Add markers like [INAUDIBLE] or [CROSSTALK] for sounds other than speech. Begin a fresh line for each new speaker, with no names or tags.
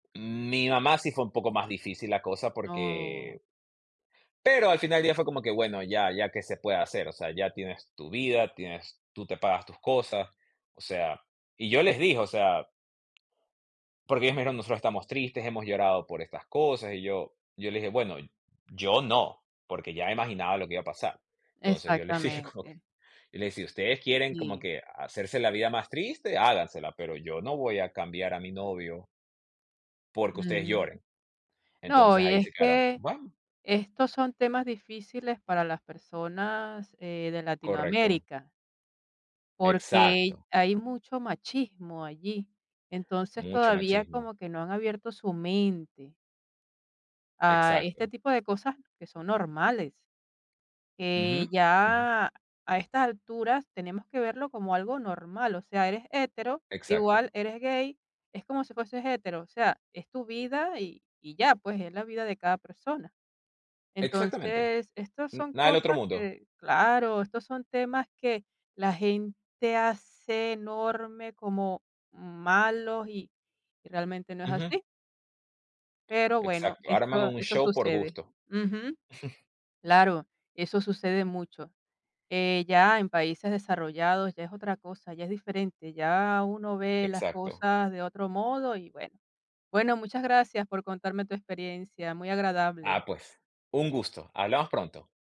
Mm, mi mamá sí fue un poco más difícil la cosa,
No.
porque Pero al final del día fue como que, bueno, ya ya, ¿qué se puede hacer? O sea, ya tienes tu vida, tienes tú te pagas tus cosas, o sea, y yo les dije, o sea Porque ellos me dijeron nosotros estamos tristes, hemos llorado por estas cosas, y yo yo les dije: "Bueno, yo no", porque ya me imaginaba lo que iba a pasar. Entonces yo les digo,
Exactamente.
y les decía: "Ustedes quieren como
Si.
que hacerse la vida más triste, hágansela, pero yo no voy a cambiar a mi novio". Porque ustedes
Ujú.
lloren,
No,
entonces
y
ahí
es
se quedaron,
que
bueno.
estos son temas difíciles para las personas, eh, de
Correcto.
Latinoamérica. Porque
Exacto.
hay mucho machismo allí. Entonces,
Mucho
todavía
machismo.
como que no han abierto su mente a este
Exacto.
tipo de cosas que son normales, que
Ujú. Ujú.
ya a estas alturas, tenemos que verlo como algo normal, o sea, eres hetero,
Exacto.
igual eres gay, es como si fueses hetero, o sea, es tu vida y y ya, pues, es la vida de cada persona.
Exactamente,
Entonces, estas
n
son
nada del otro
cosas
mundo.
que claro, estos son temas que la gente hace enorme, como malos y y realmente no es
Ujú.
así. Pero bueno,
Exacto, arman
esto
un
eso
show por
sucede.
gusto.
Ujú.
[CHUCKLES]
Claro, eso sucede mucho. Eh, ya en países desarrollados ya es otra cosa, ya es diferente, ya uno ve las
Exacto.
cosas de otro modo y, bueno. Bueno, muchas gracias por contarme tu experiencia, muy agradable.
Ah, pues, un gusto. Hablamos pronto.